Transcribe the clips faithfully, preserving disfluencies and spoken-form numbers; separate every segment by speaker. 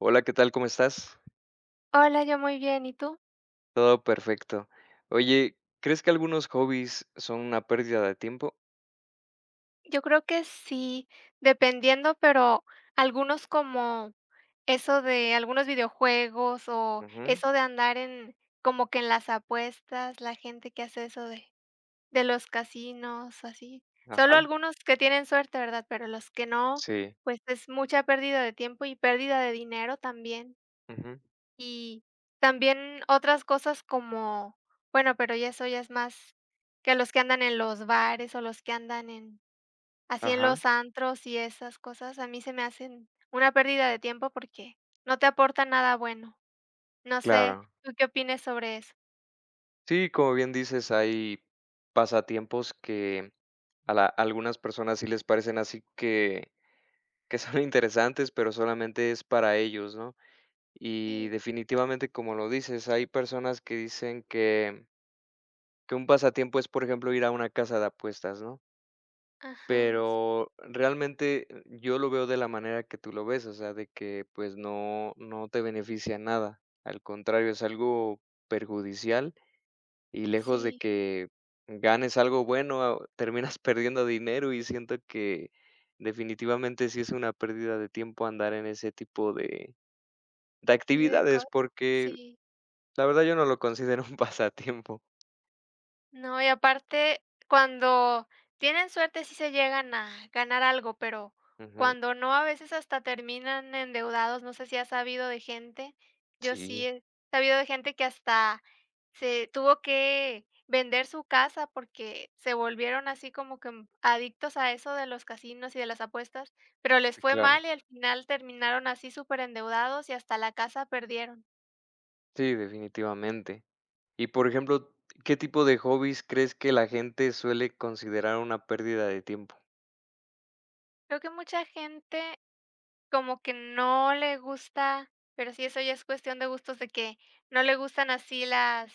Speaker 1: Hola, ¿qué tal? ¿Cómo estás?
Speaker 2: Hola, yo muy bien, ¿y tú?
Speaker 1: Todo perfecto. Oye, ¿crees que algunos hobbies son una pérdida de tiempo?
Speaker 2: Yo creo que sí, dependiendo, pero algunos como eso de algunos videojuegos, o
Speaker 1: Ujú.
Speaker 2: eso de andar en como que en las apuestas, la gente que hace eso de de los casinos, o así. Solo
Speaker 1: Ajá.
Speaker 2: algunos que tienen suerte, ¿verdad?, pero los que no,
Speaker 1: Sí.
Speaker 2: pues, es mucha pérdida de tiempo y pérdida de dinero también.
Speaker 1: Ujú.
Speaker 2: Y también otras cosas como bueno, pero ya eso ya es más que los que andan en los bares o los que andan en así en
Speaker 1: Ajá.
Speaker 2: los antros, y esas cosas, a mí se me hacen una pérdida de tiempo, porque no te aporta nada bueno. No sé,
Speaker 1: Claro.
Speaker 2: ¿tú qué opines sobre eso?
Speaker 1: Sí, como bien dices, hay pasatiempos que a la algunas personas sí les parecen así que que son interesantes, pero, solamente, es para ellos, ¿no? Y,
Speaker 2: Sí.
Speaker 1: definitivamente, como lo dices, hay personas que dicen que que un pasatiempo es, por ejemplo, ir a una casa de apuestas, ¿no?
Speaker 2: Ajá. S
Speaker 1: Pero, realmente, yo lo veo de la manera que tú lo ves, o sea, de que, pues, no no te beneficia en nada, al contrario, es algo perjudicial, y lejos de
Speaker 2: Sí.
Speaker 1: que ganes algo bueno, terminas perdiendo dinero, y siento que, definitivamente, sí es una pérdida de tiempo andar en ese tipo de de
Speaker 2: Sí, de co
Speaker 1: actividades, porque
Speaker 2: Sí.
Speaker 1: la verdad, yo no lo considero un pasatiempo.
Speaker 2: No, y aparte cuando tienen suerte sí se llegan a ganar algo, pero
Speaker 1: Ujú.
Speaker 2: cuando no, a veces, hasta terminan endeudados, no sé si ha sabido de gente, yo sí
Speaker 1: Sí.
Speaker 2: he sabido de gente que hasta se tuvo que vender su casa, porque se volvieron así como que, mm, adictos a eso de los casinos y de las apuestas, pero les
Speaker 1: Sí,
Speaker 2: fue
Speaker 1: claro.
Speaker 2: mal y al final terminaron así superendeudados y hasta la casa perdieron.
Speaker 1: Sí, definitivamente. Y, por ejemplo, ¿qué tipo de hobbies crees que la gente suele considerar una pérdida de tiempo?
Speaker 2: Creo que mucha gente como que no le gusta, pero sí, eso ya es cuestión de gustos de que no le gustan así las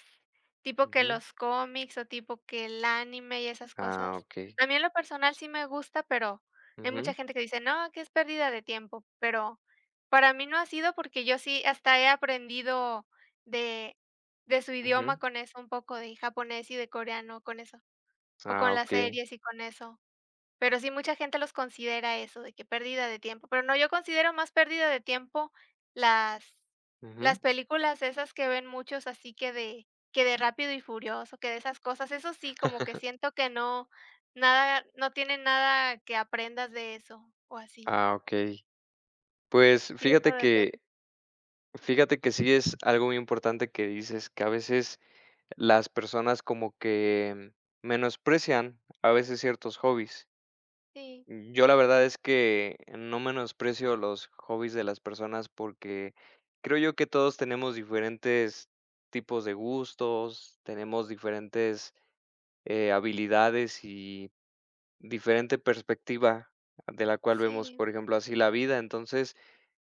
Speaker 2: tipo que
Speaker 1: Ujú.
Speaker 2: los cómics, o tipo que el anime y esas
Speaker 1: Ah,
Speaker 2: cosas.
Speaker 1: okey.
Speaker 2: A mí, en lo personal, sí me gusta, pero hay mucha
Speaker 1: Ujú.
Speaker 2: gente que dice: "No, que es pérdida de tiempo", pero para mí, no ha sido porque yo sí hasta he aprendido de de su idioma
Speaker 1: Ujú.
Speaker 2: con eso un poco de japonés, y de coreano con eso, o
Speaker 1: Ah,
Speaker 2: con las
Speaker 1: okey.
Speaker 2: series y con eso. Pero sí, mucha gente los considera eso, de que pérdida de tiempo, pero no, yo considero más pérdida de tiempo las las
Speaker 1: Ujú.
Speaker 2: películas esas que ven muchos así que de que de Rápido y furioso, que de esas cosas, eso sí como que siento que no nada no tiene nada que aprendas de eso o así.
Speaker 1: Ah, okey. Pues,
Speaker 2: Sí, eso
Speaker 1: fíjate
Speaker 2: depende.
Speaker 1: que fíjate que sí es algo muy importante que dices, que, a veces, las personas como que menosprecian, a veces, ciertos hobbies.
Speaker 2: Sí.
Speaker 1: Yo, la verdad es que no menosprecio los hobbies de las personas, porque creo yo que todos tenemos diferentes tipos de gustos, tenemos diferentes, eh, habilidades y diferente perspectiva, de la cual vemos,
Speaker 2: Sí.
Speaker 1: por ejemplo, así la vida. Entonces,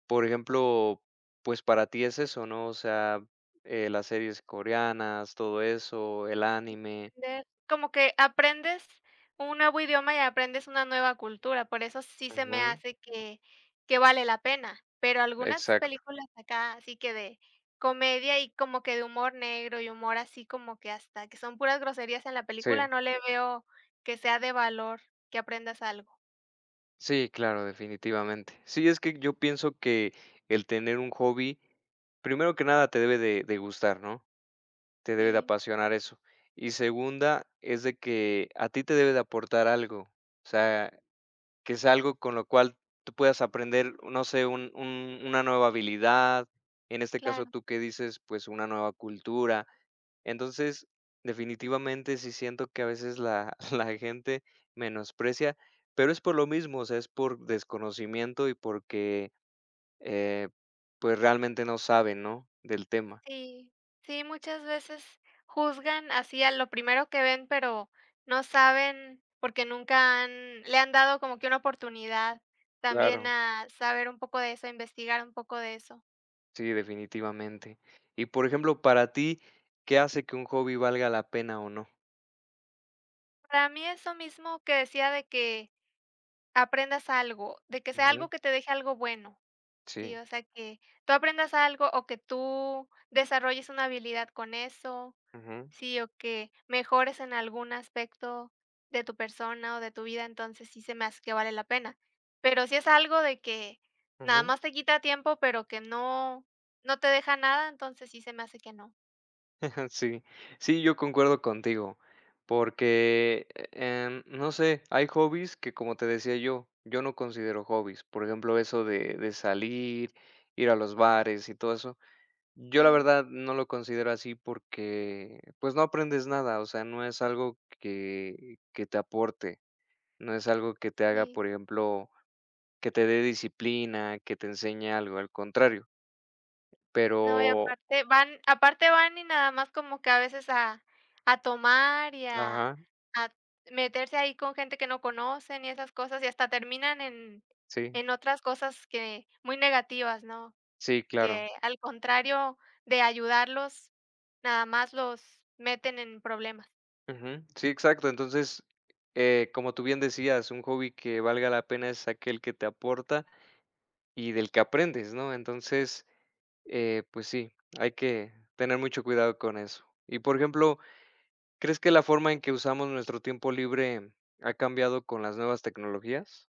Speaker 1: por ejemplo, pues, para ti es eso, ¿no?, o sea, eh, las series coreanas, todo eso, el
Speaker 2: Sí,
Speaker 1: anime.
Speaker 2: entender. Como que aprendes un nuevo idioma y aprendes una nueva cultura, por eso sí se me
Speaker 1: Ujú.
Speaker 2: hace que que vale la pena, pero algunas
Speaker 1: Exacto.
Speaker 2: películas acá así que de comedia y como que de humor negro, y humor así como que hasta que son puras groserías en la película,
Speaker 1: Sí.
Speaker 2: no le veo que sea de valor, que aprendas algo.
Speaker 1: Sí, claro, definitivamente. Sí, es que yo pienso que el tener un hobby, primero que nada, te debe de de gustar, ¿no?, te debe de
Speaker 2: Sí.
Speaker 1: apasionar eso. Y segunda, es de que a ti te debe de aportar algo, o sea, que sea algo con lo cual tú puedas aprender, uh, no sé, un un una nueva habilidad, en este caso,
Speaker 2: Claro.
Speaker 1: tú que dices, pues, una nueva cultura. Entonces, definitivamente, sí siento que a veces la la gente menosprecia, pero es por lo mismo, o sea, es por desconocimiento y porque, eh, pues, eh, realmente no saben, ¿no?, del tema.
Speaker 2: Sí. Sí, muchas veces juzgan así a lo primero que ven, pero no saben porque nunca han le han dado como que una oportunidad también
Speaker 1: Claro.
Speaker 2: a saber un poco de eso, a investigar un poco de eso.
Speaker 1: Sí, definitivamente. Y, por ejemplo, para ti, ¿qué hace que un hobby valga la pena o no?
Speaker 2: Para mí eso mismo que decía de que, aprendas algo. De que sea
Speaker 1: Ujú.
Speaker 2: algo que te deje algo bueno,
Speaker 1: Sí.
Speaker 2: ¿sí?, o sea, que tú aprendas algo, o que tú desarrolles una habilidad con eso,
Speaker 1: Ujú.
Speaker 2: ¿sí? O que mejores en algún aspecto de tu persona o de tu vida, entonces sí se me hace que vale la pena. Pero si es algo de que, nada
Speaker 1: Ujú.
Speaker 2: más te quita tiempo, pero que no no te deja nada, entonces sí se me hace que no.
Speaker 1: Sí. Sí, yo concuerdo contigo, porque, em, no sé, hay hobbies que, como te decía yo, yo no considero hobbies, por ejemplo, eso de de salir, ir a los bares y todo eso. Yo, la
Speaker 2: Sí.
Speaker 1: verdad, no lo considero así, porque, pues, no aprendes nada, o sea, no es algo que que te aporte, no es algo que te haga,
Speaker 2: Sí.
Speaker 1: por ejemplo, que te dé disciplina, que te enseñe algo, al contrario.
Speaker 2: No, y
Speaker 1: Pero
Speaker 2: aparte van aparte van y nada más como que, a veces, a a tomar, y a
Speaker 1: Ajá.
Speaker 2: a meterse ahí con gente que no conocen, y esas cosas, y hasta terminan en
Speaker 1: Sí.
Speaker 2: en otras cosas que muy negativas, ¿no?,
Speaker 1: Sí, claro.
Speaker 2: que al contrario de ayudarlos, nada más los meten en problemas.
Speaker 1: Ujú. Sí, exacto. Entonces, eh, como tú bien decías, un hobby que valga la pena es aquel que te aporta y del que aprendes, ¿no? Entonces, eh, pues, sí, hay que tener mucho cuidado con eso. Y, por ejemplo, ¿crees que la forma en que usamos nuestro tiempo libre ha cambiado con las nuevas tecnologías?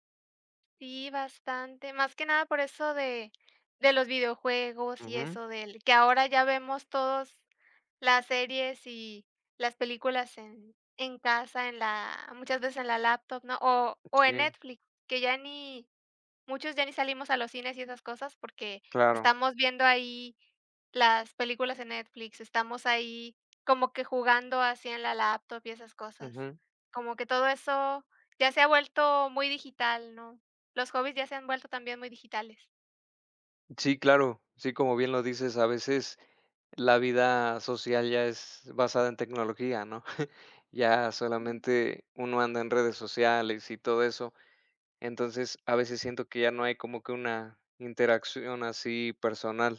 Speaker 2: Sí, bastante, más que nada por eso de de los videojuegos, y
Speaker 1: Ujú.
Speaker 2: eso del que ahora ya vemos todos las series y las películas en en casa, en la muchas veces en la laptop, ¿no?, o o en
Speaker 1: Sí.
Speaker 2: Netflix, que ya ni muchos ya ni salimos a los cines y esas cosas porque
Speaker 1: Claro.
Speaker 2: estamos viendo ahí las películas en Netflix, estamos ahí como que jugando así en la laptop y esas cosas,
Speaker 1: Ujú.
Speaker 2: como que todo eso ya se ha vuelto muy digital, ¿no?, los hobbies ya se han vuelto también muy digitales.
Speaker 1: Sí, claro, sí, como bien lo dices, a veces la vida social ya es basada en tecnología, ¿no?, ya solamente uno anda en redes sociales y todo eso, entonces, a veces siento que ya no hay como que una interacción así personal,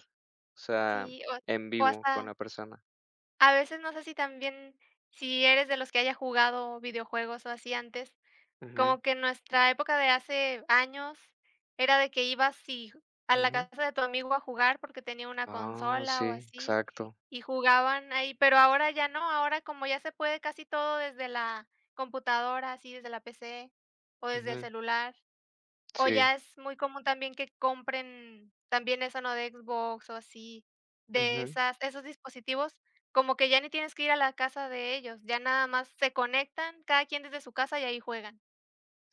Speaker 1: o sea,
Speaker 2: Sí, o ha
Speaker 1: en
Speaker 2: o
Speaker 1: vivo con
Speaker 2: hasta.
Speaker 1: la persona.
Speaker 2: A veces no sé si también, si eres de los que haya jugado videojuegos o así antes,
Speaker 1: Ujú.
Speaker 2: como que nuestra época de hace años, era de que, ibas si a la
Speaker 1: Ujú.
Speaker 2: casa de tu amigo a jugar porque tenía una
Speaker 1: Ah
Speaker 2: consola o
Speaker 1: sí,
Speaker 2: así,
Speaker 1: exacto.
Speaker 2: y jugaban ahí, pero ahora ya no, ahora como ya se puede casi todo desde la computadora, así desde la P-C, o desde el
Speaker 1: Ujú.
Speaker 2: celular, o
Speaker 1: Sí.
Speaker 2: ya es muy común también que compren también eso, ¿no?, de Xbox o así, de
Speaker 1: Ujú.
Speaker 2: esas esos dispositivos, como que ya ni tienes que ir a la casa de ellos, ya nada más se conectan, cada quien desde su casa, y ahí juegan.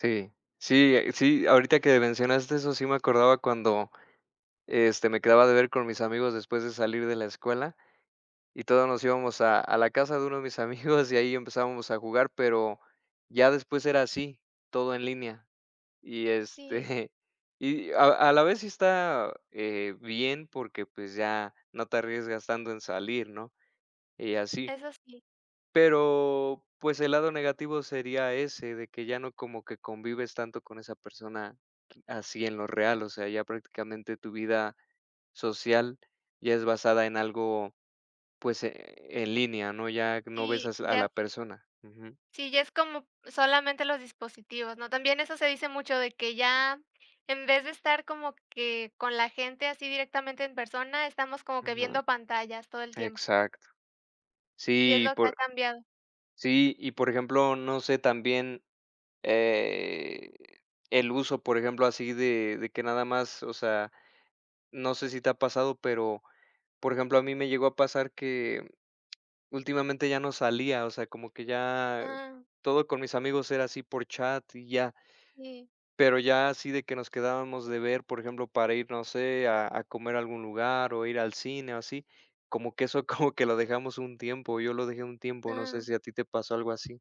Speaker 1: Sí, sí, eh, sí, ahorita que mencionaste eso, sí me acordaba cuando, este, me quedaba de ver con mis amigos después de salir de la escuela, y todos nos íbamos a a la casa de uno de mis amigos y ahí empezábamos a jugar, pero ya después era así, todo en línea, y
Speaker 2: Sí.
Speaker 1: este y a a la vez sí está, eh, bien porque, pues, ya no te arriesgas tanto en salir, ¿no? Y así.
Speaker 2: Eso sí.
Speaker 1: Pero, pues, el lado negativo sería ese, de que ya no como que convives tanto con esa persona r así en lo real, o sea, ya prácticamente tu vida social ya es basada en algo, pues, eh, en línea, ¿no? Ya no ves
Speaker 2: Sí,
Speaker 1: a s a
Speaker 2: ya
Speaker 1: la persona. Ujú.
Speaker 2: Sí, ya es como solamente los dispositivos, ¿no? También eso se dice mucho de que ya en vez de estar como que con la gente así directamente en persona, estamos como que
Speaker 1: Ujú.
Speaker 2: viendo pantallas, todo el tiempo.
Speaker 1: Exacto.
Speaker 2: Y es
Speaker 1: Sí y
Speaker 2: lo que ha
Speaker 1: por
Speaker 2: cambiado.
Speaker 1: Sí. Y por ejemplo, no sé también, eh, el uso, por ejemplo, así de de que nada más o sea, no sé si te ha pasado, pero, por ejemplo, a mí me llegó a pasar que últimamente ya no salía, o sea, como que ya
Speaker 2: Ah.
Speaker 1: todo con mis amigos era así por chat y ya.
Speaker 2: Sí.
Speaker 1: Pero ya así de que nos quedábamos de ver, por ejemplo, para ir, no sé, a a comer a algún lugar, o ir al cine o así. Como que eso como que lo dejamos un tiempo, yo lo dejé un tiempo, no sé
Speaker 2: Ah.
Speaker 1: si a ti te pasó algo así.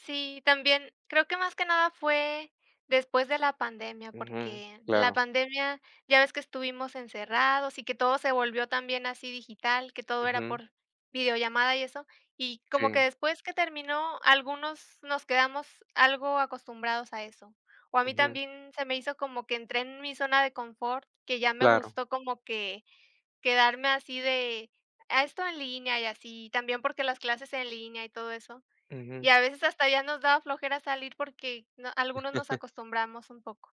Speaker 2: Sí, también creo que más que nada fue después de la pandemia,
Speaker 1: Ujú,
Speaker 2: porque la
Speaker 1: claro.
Speaker 2: pandemia, ya ves que estuvimos encerrados y que todo se volvió también así digital, que todo era
Speaker 1: Ujú.
Speaker 2: por videollamada y eso, y como
Speaker 1: Sí.
Speaker 2: que después que terminó, algunos nos quedamos algo acostumbrados a eso. O a mí
Speaker 1: Ujú.
Speaker 2: también se me hizo como que entré en mi zona de confort, que ya me
Speaker 1: Claro.
Speaker 2: gustó como que quedarme así de, ah, esto en línea y así. Y también porque las clases en línea y todo eso.
Speaker 1: Ujú.
Speaker 2: Y a veces hasta ya nos daba flojera salir porque no algunos nos acostumbramos un poco.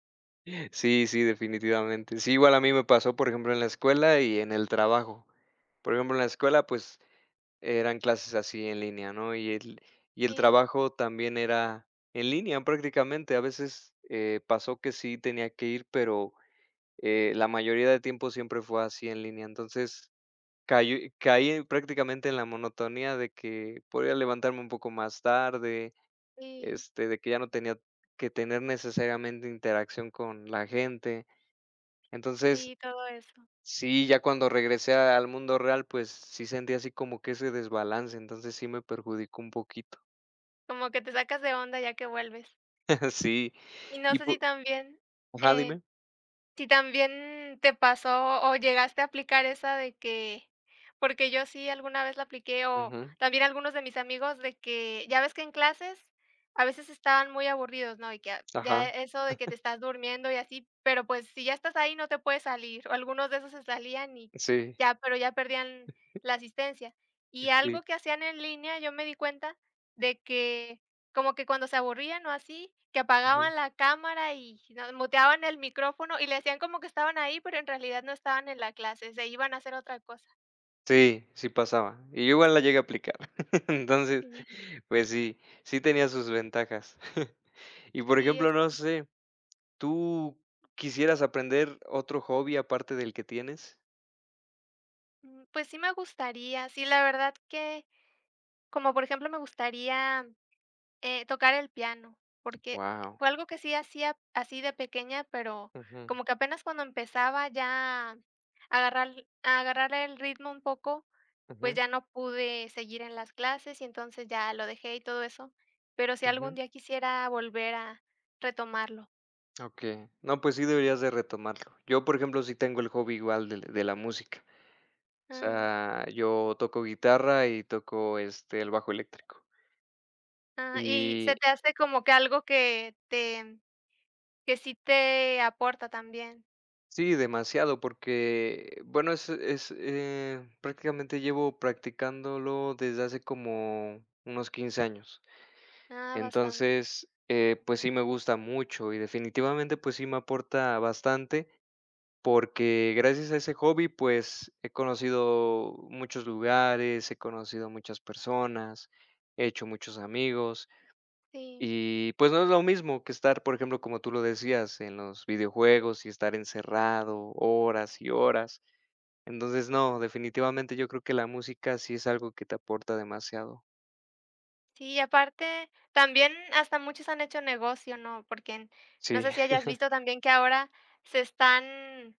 Speaker 1: Sí, sí, definitivamente. Sí, igual a mí me pasó, por ejemplo, en la escuela y en el trabajo. Por ejemplo, en la escuela, pues, eran clases así en línea, ¿no? Y el y el
Speaker 2: Sí.
Speaker 1: trabajo también era en línea, prácticamente. A veces, eh, pasó que sí tenía que ir, pero, eh, la mayoría de tiempo siempre fue así en línea. Entonces, cayó caí en prácticamente en la monotonía de que podía levantarme un poco más tarde,
Speaker 2: Sí.
Speaker 1: este, de que ya no tenía que tener necesariamente interacción con la gente. Entonces,
Speaker 2: Sí, todo eso.
Speaker 1: sí, ya cuando regresé al mundo real, pues, sí sentía así como que ese desbalance, entonces, sí me perjudicó un poquito.
Speaker 2: Como que te sacas de onda, ya que vuelves.
Speaker 1: Sí.
Speaker 2: Y no
Speaker 1: Y
Speaker 2: sé
Speaker 1: po
Speaker 2: si también,
Speaker 1: Ajá,
Speaker 2: eh,
Speaker 1: dime.
Speaker 2: si también te pasó, o llegaste a aplicar esa de que porque yo sí, alguna vez la apliqué o
Speaker 1: Ujú.
Speaker 2: también algunos de mis amigos, de que ya ves que en clases a veces estaban muy aburridos, ¿no? Y que a ya
Speaker 1: Ajá.
Speaker 2: eso de que te estás durmiendo y así, pero, pues, si ya estás ahí, no te puedes salir, o algunos de esos se salían y
Speaker 1: Sí.
Speaker 2: ya, pero ya perdían la asistencia.
Speaker 1: Eh,
Speaker 2: Y algo
Speaker 1: sí.
Speaker 2: que hacían en línea, yo me di cuenta de que como que cuando se aburrían o así, que
Speaker 1: Ujú.
Speaker 2: apagaban la cámara y no muteaban el micrófono, y le hacían como que estaban ahí, pero en realidad no estaban en la clase, se iban a hacer otra cosa.
Speaker 1: Sí, sí pasaba, y yo igual la llegué a aplicar. Entonces,
Speaker 2: Sí.
Speaker 1: pues sí, sí tenía sus ventajas. Y, por
Speaker 2: Sí,
Speaker 1: ejemplo,
Speaker 2: eso.
Speaker 1: no sé, ¿tú quisieras aprender otro hobby aparte del que tienes?
Speaker 2: Mm, pues sí me gustaría, sí, la verdad que como, por ejemplo, me gustaría, eh, tocar el piano, porque
Speaker 1: Guau.
Speaker 2: fue algo que sí hacía, así de pequeña, pero
Speaker 1: Ujú.
Speaker 2: como que apenas cuando empezaba ya a agarrar a agarrar el ritmo un poco, pues
Speaker 1: Ujú.
Speaker 2: ya no pude seguir en las clases, y entonces ya lo dejé y todo eso. Pero sí, algún
Speaker 1: Ujú.
Speaker 2: día quisiera volver a retomarlo.
Speaker 1: Okey. No, pues sí deberías de retomarlo. Yo, por ejemplo, sí tengo el hobby igual del de la música. O
Speaker 2: Mm.
Speaker 1: sea, yo toco guitarra, y toco, este, el bajo eléctrico.
Speaker 2: Ah, y
Speaker 1: Y
Speaker 2: se te hace como que algo que te que sí te aporta también.
Speaker 1: Sí, demasiado, porque, bueno, es es, eh, prácticamente, llevo practicándolo desde hace como unos quince años.
Speaker 2: Ah, bastante.
Speaker 1: Entonces, eh, pues sí me gusta mucho y, definitivamente, pues sí me aporta bastante, porque gracias a ese hobby, pues, he conocido muchos lugares, he conocido muchas personas, he hecho muchos amigos
Speaker 2: Sí.
Speaker 1: y, pues no es lo mismo que estar, por ejemplo, como tú lo decías, en los videojuegos y estar encerrado horas y horas. Entonces, no, definitivamente, yo creo que la música sí es algo que te aporta demasiado.
Speaker 2: Sí, aparte también hasta muchos han hecho negocio, ¿no?, porque, n no
Speaker 1: Sí.
Speaker 2: sé si hayas visto también que ahora se están,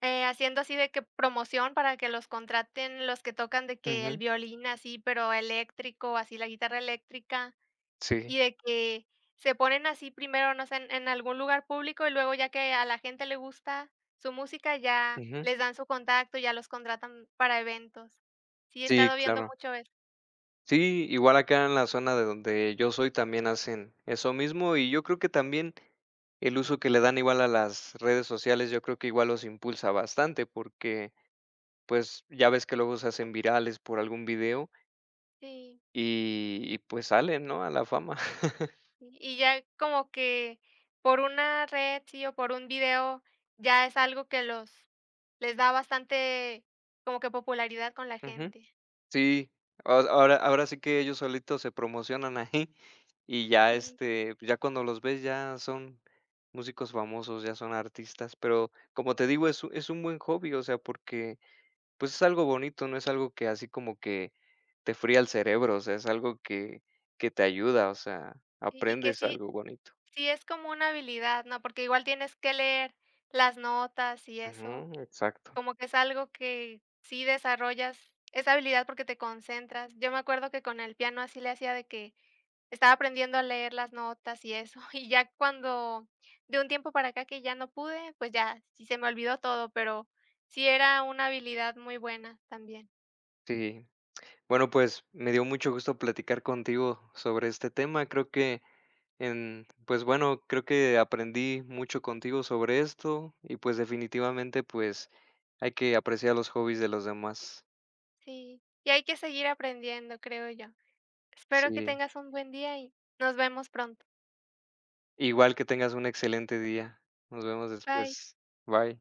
Speaker 2: eh, haciendo así de que promoción para que los contraten los que tocan, de que el
Speaker 1: Ujú.
Speaker 2: violín así, pero eléctrico, así la guitarra eléctrica,
Speaker 1: Sí.
Speaker 2: y de que se ponen así primero, no sé, en en algún lugar público, y luego ya que a la gente le gusta su música, ya
Speaker 1: Ujú.
Speaker 2: les dan su contacto, ya los contratan para eventos. Sí he
Speaker 1: Sí,
Speaker 2: estado viendo
Speaker 1: claro.
Speaker 2: mucho eso.
Speaker 1: Sí, igual acá en la zona de donde yo soy también hacen eso mismo, y yo creo que también, el uso que le dan igual a las redes sociales, yo creo que igual los impulsa bastante, porque, pues, ya ves que luego se hacen virales por algún video
Speaker 2: Sí.
Speaker 1: y y pues salen, ¿no? A la fama.
Speaker 2: Y y ya como que, por una red sí o por un video ya es algo que los les da bastante, como que popularidad con la
Speaker 1: Ujú.
Speaker 2: gente.
Speaker 1: Sí, aho ahor ahora, ahora sí que ellos solitos se promocionan ahí y ya,
Speaker 2: Sí.
Speaker 1: este, pues ya cuando los ves ya son músicos famosos, ya son artistas. Pero, como te digo, es un es un buen hobby, o sea, porque, pues, es algo bonito, no es algo que así como que te fría el cerebro, o sea, es algo que que te ayuda, o sea,
Speaker 2: Y y que
Speaker 1: aprendes
Speaker 2: sí,
Speaker 1: algo bonito.
Speaker 2: sí es como una habilidad, ¿no? Porque igual tienes que leer las notas y eso.
Speaker 1: Ujú, exacto.
Speaker 2: Como que es algo que sí desarrollas esa habilidad porque te concentras. Yo me acuerdo que con el piano así le hacía de que estaba aprendiendo a leer las notas y eso, y ya cuando de un tiempo para acá que ya no pude, pues ya, sí se me olvidó todo, pero sí era una habilidad muy buena también.
Speaker 1: Sí. Bueno, pues, me dio mucho gusto platicar contigo sobre este tema. Creo que en pues, bueno, creo que aprendí mucho contigo sobre esto y, pues, definitivamente, pues, hay que apreciar los hobbies de los demás.
Speaker 2: Sí. Y hay que seguir aprendiendo, creo yo. Espero que
Speaker 1: Sí.
Speaker 2: tengas un buen día, y nos vemos pronto.
Speaker 1: Igual, que tengas un excelente día. Nos vemos
Speaker 2: Bye.
Speaker 1: después. Bye.